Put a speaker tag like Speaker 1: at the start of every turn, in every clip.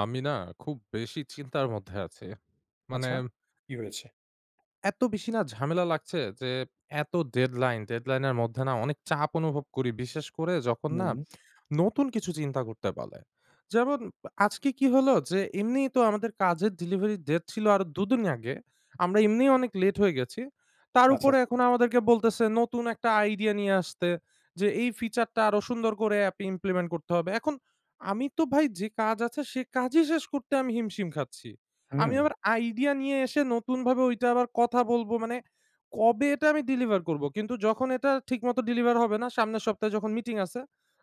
Speaker 1: আমি না খুব বেশি চিন্তার মধ্যে আছি। মানে
Speaker 2: আচ্ছা? কী হয়েছে?
Speaker 1: এত বেশি না ঝামেলা লাগছে যে, এত ডেডলাইন। ডেডলাইনের মধ্যে না অনেক চাপ অনুভব করি; বিশেষ করে যখন না
Speaker 2: হুম।
Speaker 1: নতুন কিছু চিন্তা করতে বলে। যেমন আ আজকে কী হলো যে, এমনিই তো আমাদের কাজের ডেলিভারি ডেট ছিল আরও দুদিন আগে; আমরা এমনি অনেক লেট হয়ে গেছি। তার
Speaker 2: আচ্ছা,
Speaker 1: ওপরে
Speaker 2: আচ্ছা।
Speaker 1: এখন আমাদের বলতেসে, নতুন একটা আইডিয়া নিয়ে আসতে, যে এই feature টা আরও সুন্দর করে অ্যাপে implement করতে হবে। এখন আমি তো ভাই যে কাজ আছে, সেই কাজই শেষ করতে আমি হিমশিম খাচ্ছি; আমি
Speaker 2: হুম।
Speaker 1: আবার আইডিয়া নিয়ে এসে নতুনভাবে ওইটা আবার কথা বলবো; মানে কবে এটা আমি ডেলিভার করবো? কিন্তু যখন এটা ঠিকমতো ডেলিভার হবে না, সামনের সপ্তাহে যখন মিটিং আছে,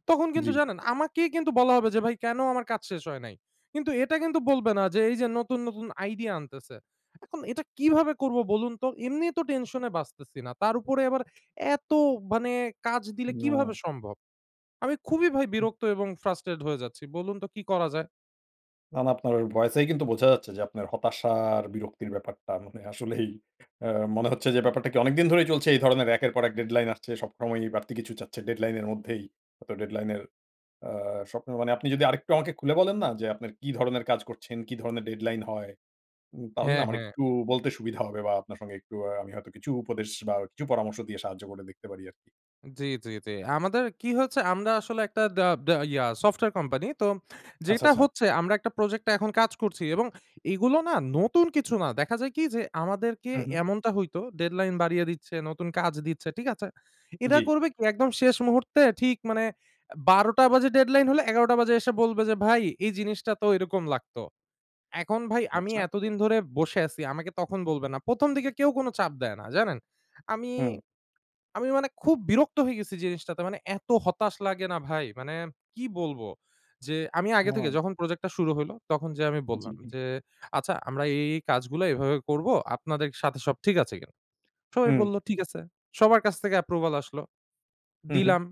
Speaker 1: তখন কিন্তু
Speaker 2: জি।
Speaker 1: জানেন আমাকেই কিন্তু বলা হবে যে, "ভাই, কেন আমার কাজ শেষ হয় নাই?" কিন্তু এটা কিন্তু বলবে না যে, এইযে নতুন, নতুন আইডিয়া আনতেসে। এখন এটা কীভাবে করবো বলুন তো? এমনি তো টেনশনে বাঁচতেসিনা; তার ওপরে আবার এত মানে কাজ দিলে, কীভাবে
Speaker 2: না।
Speaker 1: সম্ভব? আমি খুবই ভাই
Speaker 2: হুম।
Speaker 1: বিরক্ত এবং frustrate হয়ে যাচ্ছি। বলুন তো কী করা যায়?
Speaker 2: না, না। আপনার ভয়েসেই কিন্তু বোঝা যাচ্ছে যে আপনার হতাশা আর বিরক্তির ব্যাপারটা মানে আসলেই অ্যা মনে হচ্ছে, যে ব্যাপারটা কি অনেক দিন ধরেই চলছে, এই ধরনের একের পর এক deadline আসছে? সব সময়ই বাড়তি কিছু চাচ্ছে deadline এর মধ্যেই? হয়তো deadline এর অ্যা স্বপ্ন মানে আপনি যদি আরেকটু আমাকে খুলে বলেন না? যে আপনার কি ধরনের কাজ করছেন, কি ধরনের deadline হয়? উম তাহলে
Speaker 1: হ্যাঁ,
Speaker 2: আমার
Speaker 1: হ্যাঁ।
Speaker 2: একটু বলতে সুবিধা হবে বা আপনার সঙ্গে একটু আ আমি হয়তো কিছু উপদেশ, বা কিছু পরামর্শ দিয়ে সাহায্য করে দেখতে পারি আরকি।
Speaker 1: জি, জি, জি। আমাদের কি হয়েছে? আমরা আসলে একটা দা দা ইয়া সফটওয়ার কোম্পানি। তো
Speaker 2: আচ্ছা,
Speaker 1: যেটা
Speaker 2: আচ্ছা।
Speaker 1: হচ্ছে আমরা একটা প্রজেক্ট এ এখন কাজ করছি। এবং এগুলো না নতুন কিছু না। দেখা যায় কি? যে আমাদেরকে
Speaker 2: হু, হু।
Speaker 1: এমনটা হইতো, deadline বাড়িয়ে দিচ্ছে, নতুন কাজ দিচ্ছে। ঠিক আছে? এরা
Speaker 2: জি।
Speaker 1: করবে কি? একদম শেষ মুহূর্তে ঠিক মানে এ ১২:০০ বাজে ডেডলাইন হলে, ১১:০০ বাজে এসে বলবে যে, "ভাই, এই জিনিসটা তো এরকম লাগতো।" এখন ভাই আমি
Speaker 2: আচ্ছা।
Speaker 1: এতদিন ধরে বসে আছি। আমাকে তখন বলবে না। প্রথম দিকে কেউ কোনো চাপ দেয় না। জানেন? আমি
Speaker 2: হুম।
Speaker 1: আমি মানে খুব বিরক্ত হয়ে গেছি জিনিসটাতে। মানে এত হতাশ লাগে না ভাই! মানে কি বলব? যে আমি আগে থেকে
Speaker 2: হুম।
Speaker 1: যখন প্রজেক্ট টা শুরু হইলো। তখন যেয়ে আমি
Speaker 2: জি,
Speaker 1: বললাম
Speaker 2: হুম।
Speaker 1: যে, "আচ্ছা, আমরা এই, এই কাজগুলো এভাবে করব। আপনাদের সাথে সব ঠিক আছে কিনা?" সবাই
Speaker 2: হুম।
Speaker 1: বললো, "ঠিক আছে।" সবার কাছ থেকে approval আসলো।
Speaker 2: হু, হুম।
Speaker 1: দিলাম।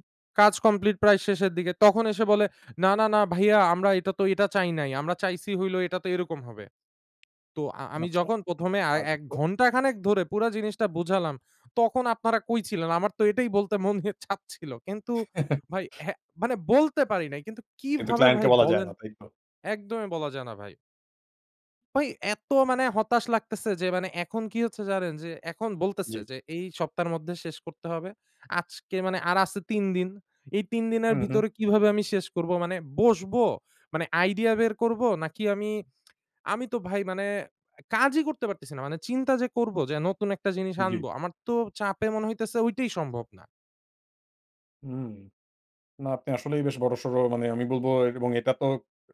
Speaker 1: কাজ কমপ্লিট প্রায় শেষের দিকে। তখন এসে বলে, "না, না, না, ভাইয়া আমরা এটা তো, এটা চাই নাই। আমরা চাইছি হইলো এইটা তো এইরকম হবে।" তো আ আমি
Speaker 2: আচ্ছা।
Speaker 1: যখন প্রথমে আ
Speaker 2: আজব
Speaker 1: ১
Speaker 2: তো!
Speaker 1: ঘন্টা খানেক ধরে পুরা জিনিসটা বোঝালাম, তখন আপনারা কই ছিলেন? আমার তো এটাই বলতে মনে চাচ্ছিল। কিন্তু ভাই হ্যাঁ, মানে বলতে পারি নাই। কিন্তু
Speaker 2: কিন্তু
Speaker 1: কিভাবে
Speaker 2: ক্লায়েন্ট কে
Speaker 1: ভাই
Speaker 2: বলা যায়
Speaker 1: বলেন?
Speaker 2: না, তাই তো?
Speaker 1: একদমই বলা যায় না ভাই। ভাই এত মানে হতাশ লাগতেছে যে মানে এখন কি হচ্ছে জানেন? যে এখন বলতেছে
Speaker 2: জি।
Speaker 1: যে এই সপ্তাহের মধ্যে শেষ করতে হবে। আজকে মানে আর আছে ৩ দিন। এই ৩ দিনের
Speaker 2: হুম, হুম।
Speaker 1: ভিতরে কিভাবে আমি শেষ করব? মানে বসবো? মানে আইডিয়া বের করব? নাকি আমি আমি তো ভাই মানে অ্যা কাজই করতে পারতেছি না। মানে চিন্তা যে করব যে নতুন একটা জিনিস আনব।
Speaker 2: জি।
Speaker 1: আমার তো চাপে মনে হইতেছে ওইটাই সম্ভব না।
Speaker 2: হুম। না আপনি আসলেই বেশ বড়সড় মানে আমি বলব এবং এটা তো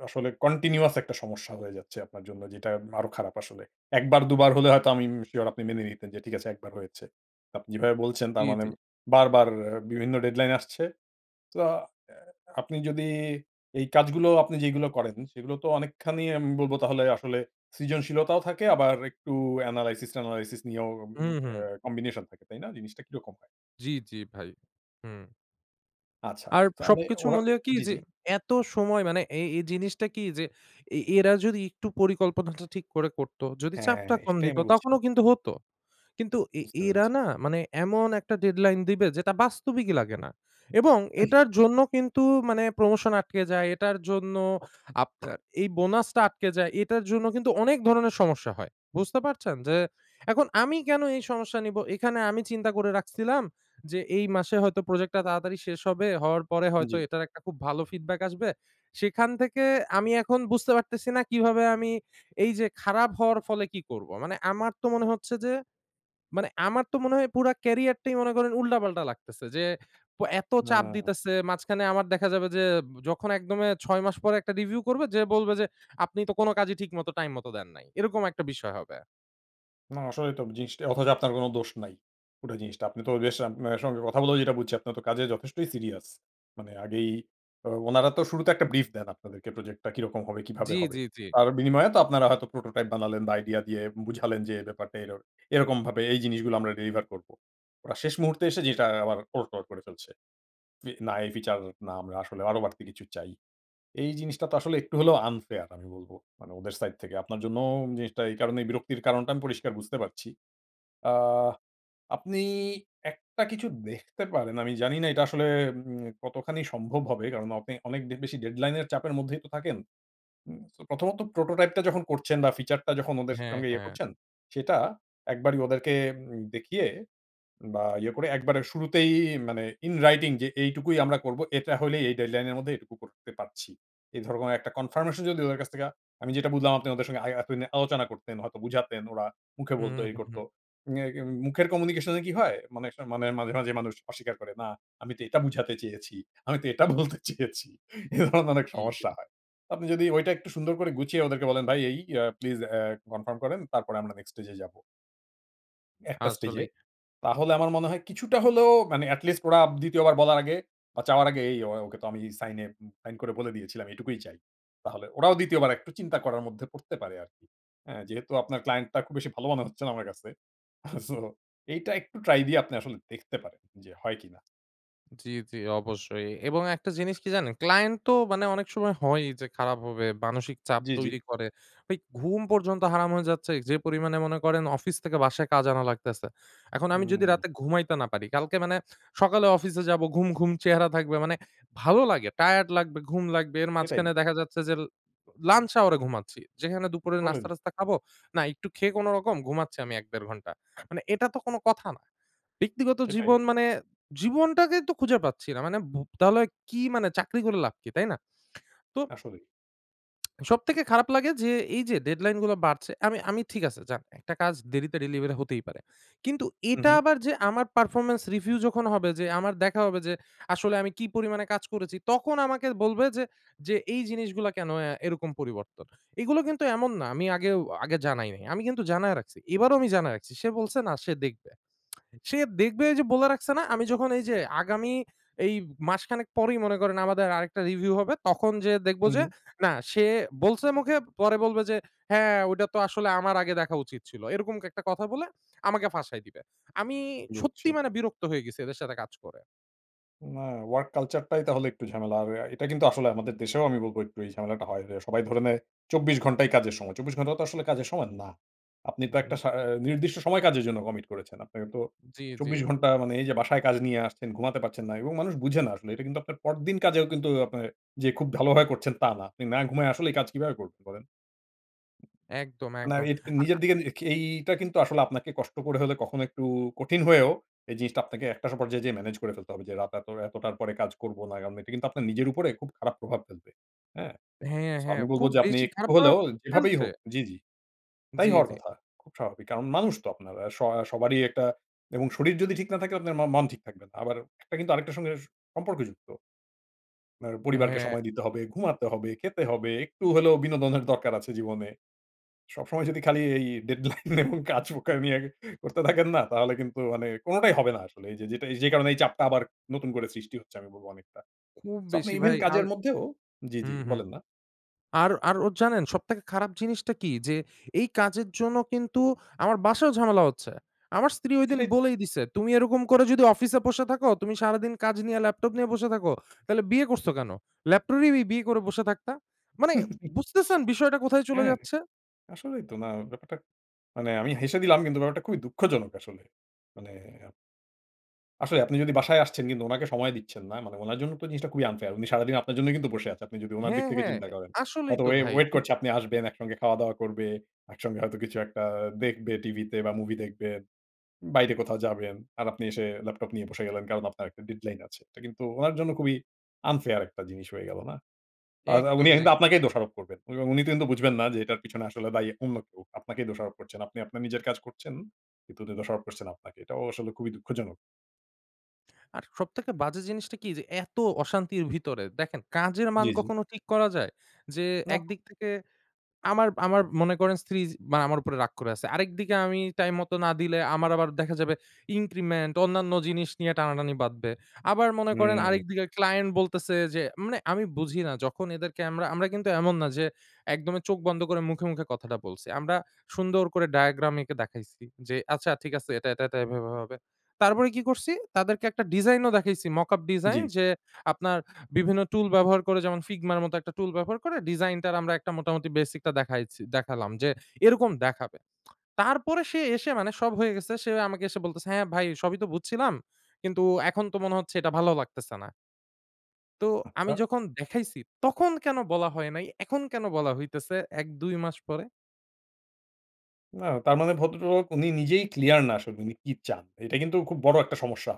Speaker 2: আসলে continuous একটা সমস্যা হয়ে যাচ্ছে আপনার জন্য। যেটা উম আরো খারাপ আসলে। ১ বার ২ বার হলে হয়তো আমি উম সিওর আপনি মেনে নিতেন যে, ঠিক আছে একবার হয়েছে। আপনি যেভাবে বলছেন
Speaker 1: জি,
Speaker 2: তার মানে
Speaker 1: জি।
Speaker 2: বারবার এ বিভিন্ন deadline আসছে। তো আ এ আপনি যদি এই কাজগুলো আপনি যেগুলো করেন, সেগুলো তো অনেকখানি আমি বলব তাহলে আসলে সৃজনশীলতাও থাকে। আবার একটু analysis ট্যানালাইসিস নিয়েও উম
Speaker 1: হুম,
Speaker 2: অ্যা
Speaker 1: হুম।
Speaker 2: কম্বিনেশন থাকে, তাই না? জিনিসটা কিরকম হয়?
Speaker 1: জি, জি ভাই। হু।
Speaker 2: আচ্ছা।
Speaker 1: আর
Speaker 2: তাহলে
Speaker 1: সবকিছু
Speaker 2: ওরা
Speaker 1: মূলেও কি।
Speaker 2: জি,
Speaker 1: যে
Speaker 2: জি।
Speaker 1: এত সময় মানে এ এই জিনিসটা কি যে এ এরা যদি একটু পরিকল্পনাটা ঠিক করে করতো, যদি
Speaker 2: হ্যাঁ।
Speaker 1: চাপটা
Speaker 2: এ
Speaker 1: কম
Speaker 2: সেটাই
Speaker 1: দিত
Speaker 2: আমি
Speaker 1: তখনও
Speaker 2: বলছিলাম।
Speaker 1: কিন্তু হতো। কিন্তু এ
Speaker 2: বুঝতে
Speaker 1: এরা
Speaker 2: পেরেছি।
Speaker 1: না মানে এমন একটা deadline দিবে যেটা বাস্তবিকই লাগে না। এবং এটার জন্য কিন্তু মানে প্রমোশন আটকে যায়। এটার জন্য আপনার এই বোনাসটা আটকে যায়। এটার জন্য কিন্তু অনেক ধরনের সমস্যা হয়। বুঝতে পারছেন? যে এখন আমি কেন এই সমস্যা নিব? এখানে আমি চিন্তা করে রাখছিলাম যে এই মাসে হয়তো প্রোজেক্টটা তাড়াতাড়ি শেষ হবে। হওয়ার পরে হয়তো
Speaker 2: জি।
Speaker 1: এটার একটা খুব ভালো ফিডব্যাক আসবে। সেখান থেকে আমি এখন বুঝতে পারতেছি না কীভাবে আমি এই যে খারাপ হওয়ার ফলে কী করব? মানে আমার তো মনে হচ্ছে যে মানে আমার তো মনে হয় পুরা ক্যারিয়ার টাই মনে করেন উল্টা-পাল্টা লাগতেছে। যে প এত চাপ
Speaker 2: হুম।
Speaker 1: দিতেছে। মাঝখানে আমার দেখা যাবে যে ব যখন একদমে ৬ মাস পরে একটা রিভিউ করবে। যে বলবে যে "আপনি তো কোন কাজই ঠিক মতো টাইম মত দেন নাই।" এরকম একটা বিষয় হবে।
Speaker 2: না, আসলেই তো জিনিসটা অথচ আপনার কোনো দোষ নাই। পুরা জিনিসটা। আপনি তো রিয়েশান মানে সঙ্গে কথা বলেও যেটা বুঝছি, আপনি তো কাজে যথেষ্টই সিরিয়াস। মানে আগেই ও ওনারা তো শুরুতে একটা brief দেন আপনাদেরকে প্রজেক্টটা কীরকম হবে, কীভাবে
Speaker 1: জ্বি,
Speaker 2: হবে?
Speaker 1: জ্বি, জ্বি।
Speaker 2: তার বিনিময়ে তো আপনারা হয়তো prototype বানালেন বা আইডিয়া দিয়ে বুঝালেন যে, "ব্যাপারটা এরও এরকমভাবে এই জিনিসগুলো আমরা ডেলিভার করবো।" ওরা শেষ মুহূর্তে এসে জিনিসটা আবার ওলটপালট করে ফেলছে, "ফি না এই ফিচার না, আমরা আসলে আরো বাড়তি কিছু চাই।" এই জিনিসটা তো আসলে একটু হলেও unfair আমি বলবো, মানে ওদের সাইড থেকে। আপনার জন্যও ওম জিনিসটা এই কারণেই বিরক্তির কারণটা আমি পরিষ্কার বুঝতে পারছি। আ আপনি একটা কিছু দেখতে পারেন, আমি জানিনা এটা আসলে উম কতখানি সম্ভব হবে? কারণ আপনি অনেক ডে বেশি deadline এর চাপের মধ্যেই তো থাকেন। উম সো ১ম ত prototype টা যখন করছেন বা ফিচার টা যখন ওদের
Speaker 1: হ্যাঁ,
Speaker 2: সঙ্গে ইয়ে
Speaker 1: হ্যাঁ।
Speaker 2: করছেন, সেটা একবারই ওদেরকে উম দেখিয়ে বা ইয়ে করে একবারে শুরুতেই মানে in writing যে, "এইটুকুই আমরা করবো, এটা হইলে এই deadline এর মধ্যে এটুকু করতে পারছি।" এই ধরনের একটা confirmation যদি ওদের কাছ থেকে আমি যেটা বুঝলাম আপনি ওদের সঙ্গে আই এতদিনে আলোচনা করতেন, হয়তো বুঝাতেন ওরা, মুখে
Speaker 1: হুম,
Speaker 2: বলতো, এই
Speaker 1: হুম,
Speaker 2: করতো।
Speaker 1: হুম।
Speaker 2: অ্যা কিম মুখের communication এ কি হয়? মানে অনেক সময় মানে মাঝে, মাঝে মানুষ অস্বীকার করে, "না আমি তো এটা বুঝাতে চেয়েছি, আমি তো এটা বলতে চেয়েছি।" এ ধরনের অনেক
Speaker 1: জ্বি, জ্বি।
Speaker 2: সমস্যা হয়। তো আপনি যদি ঐটা একটু সুন্দর করে গুছিয়ে ওদেরকে বলেন, "ভাই এই, আ প্লিজ আ কনফার্ম করেন। তারপরে আমরা next stage এ যাবো।" একটা স্টেজে।
Speaker 1: আসলেই।
Speaker 2: তাহলে আমার মনে হয় কিছুটা হলেও মানে এটলিস্ট ওরা ২য় বার বলার আগে বা চাওয়ার আগে এই ও ওকে তো আমি সাইনে উম সাইন করে বলে দিয়েছিলাম এটুকুই চাই। তাহলে ওরাও ২য় বার একটু চিন্তা করার মধ্যে পড়তে পারে আরকি, হ্যাঁ? যেহেতু আপনার ক্লায়েন্টটা খুব বেশি ভালো মনে হচ্ছে না আমার কাছে। সো এইটা একটু ট্রাই দিয়ে আপনি আসলে দেখতে পারেন যে হয় কিনা?
Speaker 1: জ্বি, জ্বি অবশ্যই। এবং একটা জিনিস কি জানেন? ক্লায়েন্ট তো মানে অনেক সময় হয়ই যে খারাপ হবে, মানসিক চাপ
Speaker 2: জ্বি, জ্বি।
Speaker 1: তৈরি করে। ভাই ঘুম পর্যন্ত হারাম হয়ে যাচ্ছে। যে পরিমাণে মনে করেন অফিস থেকে বাসায় কাজ আনা লাগতেছে। এখন আমি যদি
Speaker 2: হুম।
Speaker 1: রাতে ঘুমাইতে না পারি, কালকে মানে সকালে অফিসে যাবো, ঘুম, ঘুম চেহারা থাকবে, মানে ভালো লাগে? টায়ার্ড লাগবে, ঘুম লাগবে। এর
Speaker 2: এটাই।
Speaker 1: মাঝখানে দেখা যাচ্ছে যে l lunch hour এ ঘুমাচ্ছি। যেখানে দুপুরে
Speaker 2: বলেন।
Speaker 1: নাস্তা-টাস্তা খাবো, না একটু খেয়ে কোনোরকম ঘুমাচ্ছি আমি ১-১.৫ ঘন্টা। মানে এটা তো কোনো কথা না। ব্যক্তিগত
Speaker 2: সেটাই।
Speaker 1: জীবন মানে জীবনটাকেই তো খুঁজে পাচ্ছি না। মানে ভু তাহলে কি মানে চাকরি করে লাভ কি, তাই না? তো
Speaker 2: আসলেই।
Speaker 1: সবথেকে খারাপ লাগে যে এই যে ডেডলাইনগুলো বাড়ছে। আমি আমি ঠিক আছে যান, একটা কাজ দেরিতে ডেলিভারি হতেই পারে। কিন্তু
Speaker 2: হু,
Speaker 1: এটা
Speaker 2: হু।
Speaker 1: আবার যে আমার performance review যখন হবে যে, আমার দেখা হবে যে আসলে আমি কি পরিমাণে কাজ করেছি। তখন আমাকে বলবে যে, যে এই জিনিসগুলা কেনো অ্যা এরকম পরিবর্তন? এগুলো কিন্তু এমন না আমি আগেও আগে জানাই নাই। আমি কিন্তু জানায় রাখছি। এবারও আমি জানায় রাখছি। সে বলছে না সে দেখবে। সে দেখবে এইযে বলে রাখছে না? আমি যখন এই যে আগামী এই মাসখানেক পরেই মনে করেন আমাদের আরেকটা রিভিউ হবে। তখন যেয়ে দেখব যে
Speaker 2: হুম।
Speaker 1: না সে বলছে মুখে, পরে বলবে যে "হ্যাঁ ওইটা তো আসলে আমার আগে দেখা উচিত ছিল"। এরকম একটা কথা বলে আমাকে ফাঁসায় দিবে। আমি সত্যি
Speaker 2: বুঝছি।
Speaker 1: মানে বিরক্ত হয়ে গেছি এদের সাথে কাজ করে।
Speaker 2: না। work culture টাই তাহলে একটু ঝামেলা। আর অ্যা এটা কিন্তু আসলে আমাদের দেশেও আমি বলব একটু এই ঝামেলাটা হয় যে সবাই ধরে নেয় ২৪ ঘন্টাই কাজের সময়। ২৪ ঘন্টাও তো আসলে কাজের সময় না। আপনি তো একটা
Speaker 1: হুম।
Speaker 2: সা আ নির্দিষ্ট সময় কাজের জন্য কমিট করেছেন। আপনার তো
Speaker 1: জি, জি।
Speaker 2: ২৪ ঘন্টা মানে এই যে বাসায় কাজ নিয়ে আসছেন ঘুমাতে পারছেন না। এবং মানুষ বুঝে না আসলে। এটা কিন্তু আপনার পরদিন কাজেও কিন্তু ও আপনি যে খুব ভালোভাবে করছেন তা না। আপনি না ঘুমায়ে আসলেই কাজ কিভাবে করবেন বলেন?
Speaker 1: একদম,
Speaker 2: না,
Speaker 1: একদম।
Speaker 2: এইট এ
Speaker 1: আ
Speaker 2: নিজের
Speaker 1: আ
Speaker 2: দিকে নিজে কে এইটা কিন্তু আসলে আপনাকে কষ্ট করে হলে কখনো একটু কঠিন হয়েও এই জিনিসটা আপনাকে একটা স পর্যায়ে যেয়ে ম্যানেজ করে ফেলতে হবে। যে রাত এত এতটার পরে কাজ করব না। কারণ এইটা কিন্তু আপনার নিজের উপরে খুব খারাপ প্রভাব ফেলবে, হ্যাঁ?
Speaker 1: হ্যাঁ,
Speaker 2: সো
Speaker 1: হ্যাঁ।
Speaker 2: আমি বলব
Speaker 1: খুব
Speaker 2: যে আপনি
Speaker 1: বেশি
Speaker 2: একটু
Speaker 1: খারাপ প্রভাব
Speaker 2: হলেও যেভাবেই
Speaker 1: ফেলছে?
Speaker 2: হোক জি, জি। তাই
Speaker 1: জি,
Speaker 2: হওয়ার
Speaker 1: জি।
Speaker 2: কথা। খুব স্বাভাবিক। কারণ মানুষ তো আপনারা। স সবারই একটা এবং শরীর যদি ঠিক না থাকে আপনার ম মন ঠিক থাকবে না। আবার একটা কিন্তু আরেকটার সঙ্গে সম্পর্কযুক্ত। আপনার পরিবারকে
Speaker 1: হ্যাঁ।
Speaker 2: সময় দিতে হবে, ঘুমাতে হবে, খেতে হবে। একটু হলেও বিনোদনের দরকার আছে জীবনে। সবসময় যদি খালি এই ডেডলাইন এবং কাজ [unintelligible] নিয়ে করতে থাকেন না? তাহলে কিন্তু মানে কোনটাই হবে না আসলে। এইযে যেটা এই যে কারণে এই চাপটা আবার নতুন করে সৃষ্টি হচ্ছে আমি বলব অনেকটা।
Speaker 1: খুব
Speaker 2: সো আপনি
Speaker 1: বেশি
Speaker 2: ইভেন
Speaker 1: ভাই। আর
Speaker 2: কাজের মধ্যেও জি, জি।
Speaker 1: হুম, হুম।
Speaker 2: বলেন না?
Speaker 1: আর, আর ওর জানেন সবথেকে খারাপ জিনিসটা কী? যে এই কাজের জন্য কিন্তু আমার বাসায়ও ঝামেলা হচ্ছে। আমার স্ত্রী ঐদিন
Speaker 2: সেটাই তো।
Speaker 1: বলেই দিছে "তুমি এরকম করে যদি অফিসে বসে থাকো, তুমি সারাদিন কাজ নিয়ে ল্যাপটপ নিয়ে বসে থাকো, তাহলে বিয়ে করছো কেন? ল্যাপটপই বিয়ে করে বসে থাকতা।" মানে বুঝতেছেন বিষয়টা কোথায় চলে
Speaker 2: হ্যাঁ।
Speaker 1: যাচ্ছে?
Speaker 2: আসলেই তো না ব্যাপারটা মানে আমি হেসে দিলাম কিন্তু ব্যাপারটা খুবই দুঃখজনক আসলে। মানে আপ আসলে আপনি যদি বাসায় আসছেন কিন্তু উনাকে সময় দিচ্ছেন না। মানে ওনার জন্য তো জিনিসটা খুবই unfair. উনি সারাদিন আপনার জন্যই কিন্তু বসে আছেন, আপনি যদি উনার দিক
Speaker 1: হ্যাঁ,
Speaker 2: থেকে
Speaker 1: হ্যাঁ।
Speaker 2: চিন্তা
Speaker 1: অ্যা
Speaker 2: করেন।
Speaker 1: আসলেই তো
Speaker 2: হয়তোবা ওয়ে
Speaker 1: ভাই।
Speaker 2: ওয়েট
Speaker 1: এম
Speaker 2: করছেন আপনি আসবেন, একসঙ্গে খাওয়া-দাওয়া করবে। একসঙ্গে হয়তো কিছু একটা দেখবে টিভিতে বা মুভি দেখবে। উম বাইরে কোথাও যাবেন। আর আপনি এসে ল্যাপটপ নিয়ে বসে গেলেন, কারণ আপনার একটা deadline আছে। এটা কিন্তু উনার জন্য খুবই unfair একটা জিনিস হয়ে গেল, না? আ তা
Speaker 1: একদম,
Speaker 2: উনি কিন্তু
Speaker 1: একদম।
Speaker 2: আপনাকেই দোষারোপ করবেন। এবং উনি তো কিন্তু বুঝবেন না যে এটার পেছনে আসলে দায়ী অন্য কেউ। আপনাকেই দোষারোপ করছেন। আপনি আপনার নিজের কাজ করছেন, কিন্তু উনি দোষারোপ করছেন আপনাকে। এটাও আসলে খুবই দুঃখজনক।
Speaker 1: আর সব থেকে বাজে জিনিসটা কী? যে এত অশান্তির ভেতরে দেখেন কাজের মান
Speaker 2: জি, জি।
Speaker 1: কখনো ঠিক করা যায়? যে
Speaker 2: না।
Speaker 1: একদিক থেকে আমার আমার মনে করেন স্ত্রী য মানে আমার ওপরে রাগ করে আছে। আরেকদিকে আমি টাইমমতো না দিলে আমার আবার দেখা যাবে increment, অন্যান্য জিনিস নিয়ে টানাটানি বাধবে। আবার মনে করেন
Speaker 2: হুম।
Speaker 1: আরেকদিকে ক্লায়েন্ট বলতেসে যে মানে আমি বুঝি না যখন এদেরকে আমরা আমরা কিন্তু এমন না যে একদমই চোখ বন্ধ করে মুখে, মুখে কথাটা বলছি। আমরা সুন্দর করে diagram এঁকে দেখাইছি। যে "আচ্ছা ঠিক আছে, এটা, এটা, এটা এভাবে হবে।" তারপরে কী করছি? তাদেরকে একটা ডিজাইনও দেখাইসি mockup ডিজাইন।
Speaker 2: জি।
Speaker 1: যে আপনার বিভিন্ন টুল ব্যবহার করে যেমন Figma -র মতো একটা টুল ব্যবহার করে ডিজাইনটার আমরা মোটামুটি বেসিকটা দেখায়েছি দেখালাম যে এরকম দেখাবে। তারপরে সে এসে মানে সব হয়ে গেছে, সে আমাকে এসে বলতেসে "হ্যাঁ ভাই সবই তো বুঝছিলাম। কিন্তু এখন তো মনে হচ্ছে এটা ভালো লাগতেসে না।" তো আমি
Speaker 2: আচ্ছা।
Speaker 1: যখন দেখাইছি তখন কেন বলা হয় নাই? এখন কেন বলা হইতেছে ১-২ মাস পরে?
Speaker 2: না তার মানে ভদ্রলোক উনি নিজেই ক্লিয়ার না আসলে উনি কি চান। এইটা কিন্তু খুব বড় একটা সমস্যা।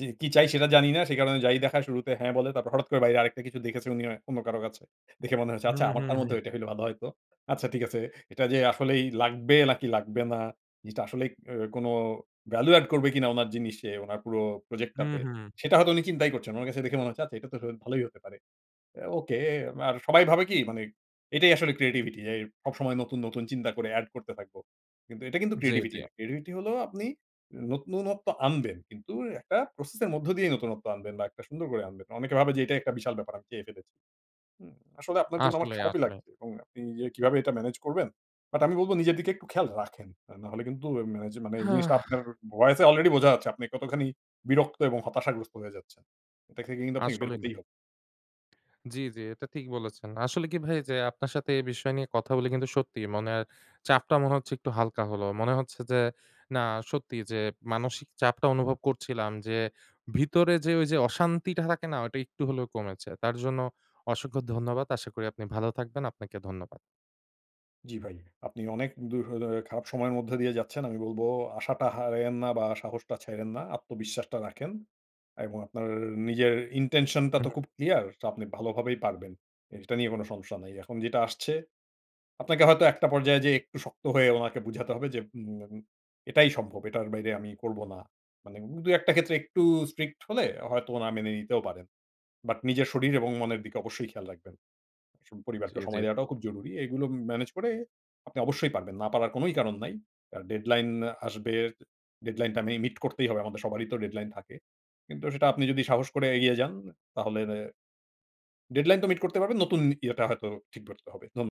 Speaker 2: জি কী চাই, সেটা জানি না। সে কারণে যাই দেখায় শুরুতে হ্যাঁ বলে। তারপর হঠাৎ করে বাইরে আরেকটা কিছু দেখেছেন উনি অন্য কারো কাছে। দেখে মনে হয়েছে
Speaker 1: হু,
Speaker 2: "আচ্ছা
Speaker 1: হু,
Speaker 2: আমারটার মধ্যে
Speaker 1: হু।
Speaker 2: ওইটা হলে ভালো হয়তো। আচ্ছা ঠিক আছে।" এটা যে আসলেই লাগবে নাকি লাগবে না? জিনিসটা আসলেই ও কোনো value add করবে কিনা উনার জিনিসে, উনার পুরো প্রজেক্ট
Speaker 1: হু,
Speaker 2: টাতে,
Speaker 1: হু।
Speaker 2: সেটা হয়তো উনি চিন্তাই করছেন না। ওনার কাছে দেখে মনে হচ্ছে "আচ্ছা এটা তো হ ভালোই হতে পারে।" অ্যা ওকে আর সবাই ভাবে কি মানে এটাই আসলে creativity যেই সবসময় নতুন, নতুন চিন্তা করে অ্যাড করতে থাকব। কিন্তু এটা কিন্তু
Speaker 1: জি,
Speaker 2: creativity
Speaker 1: জি।
Speaker 2: না। creativity হলো আপনি নতুনত্ব আনবেন। কিন্তু একটা প্রসেস এর মধ্য দিয়েই নতুনত্ব আনবেন বা একটা সুন্দর করে আনবেন। অনেকে ভাবে যে এটাই একটা বিশাল ব্যাপার আমি চেয়ে ফেলেছি, হু? আসলে আপনার জন্য আমার
Speaker 1: আসলেই,
Speaker 2: খারাপই
Speaker 1: আসলেই।
Speaker 2: লাগছে। এবং আপনি যে কিভাবে এটা ম্যানেজ করবেন! বাট আমি বলব নিজের দিকে একটু খেয়াল রাখেন। অ্যা নাহলে কিন্তু এম এইযে মানে এই জিনিসটা আপনার উ ভয়েসে অলরেডি বোঝা যাচ্ছে। আপনি কতখানি বিরক্ত এবং হতাশাগ্রস্ত হয়ে যাচ্ছেন। এটা থেকে কিন্তু আপনি বের
Speaker 1: আসলেই না।
Speaker 2: হতেই হবে।
Speaker 1: জ্বি, জ্বি। এটা ঠিক বলেছেন। আসলে কি ভাই যে আপনার সাথে এই বিষয় নিয়ে কথা বলি কিন্তু সত্যিই মনের চাপটা মনে হচ্ছে একটু হালকা হলো। মনে হচ্ছে যে না সত্যি যে মানসিক চাপটা অনুভব করছিলাম। যে ভিতরে যে ওইযে অশান্তিটা থাকে না? ওইটা একটু হলেও কমেছে। তার জন্য অসংখ্য ধন্যবাদ। আশা করি আপনি ভালো থাকবেন। আপনাকে ধন্যবাদ।
Speaker 2: জ্বি ভাই। আপনি অনেক দূরহ দে খারাপ সময়ের মধ্যে দিয়ে যাচ্ছেন। আমি বলব আশাটা হারায়েন না বা সাহসটা ছাইড়েন না, আত্মবিশ্বাসটা রাখেন। এবং আপনার নিজের intention টা তো
Speaker 1: হুম।
Speaker 2: খুব ক্লিয়ার, আপনি ভালোভাবেই পারবেন। এইটা নিয়ে কোনো সমস্যা নাই। এখন যেটা আসছে, আপনাকে হয়তো একটা পর্যায়ে যে একটু শক্ত হয়ে ওনাকে বুঝাতে হবে যে উম এম "এটাই সম্ভব। এটার বাইরে আমি করব না।" মানে উব দুয়েকটা ক্ষেত্রে একটু strict হলে হয়তো ওরা মেনে নিতেও পারেন। বাট নিজের শরীর এবং মনের দিকে অবশ্যই খেয়াল রাখবেন। স
Speaker 1: জি,
Speaker 2: পরিবারকে সময়
Speaker 1: জি।
Speaker 2: দেওয়াটাও খুব জরুরি। এইগুলো ম ম্যানেজ করে আপনি অবশ্যই পারবেন, না পারার কোনোই কারণ নাই। আর deadline আসবে, deadline টা মে মিট করতেই হবে। আমাদের সবারই তো deadline থাকে। কিন্তু সেটা আপনি যদি সাহস করে এগিয়ে যান। তাহলে deadline তো মিট করতে পারবেন। নতুন ইয়েটা হয়তো ঠিকভাবে হবে। ধন্য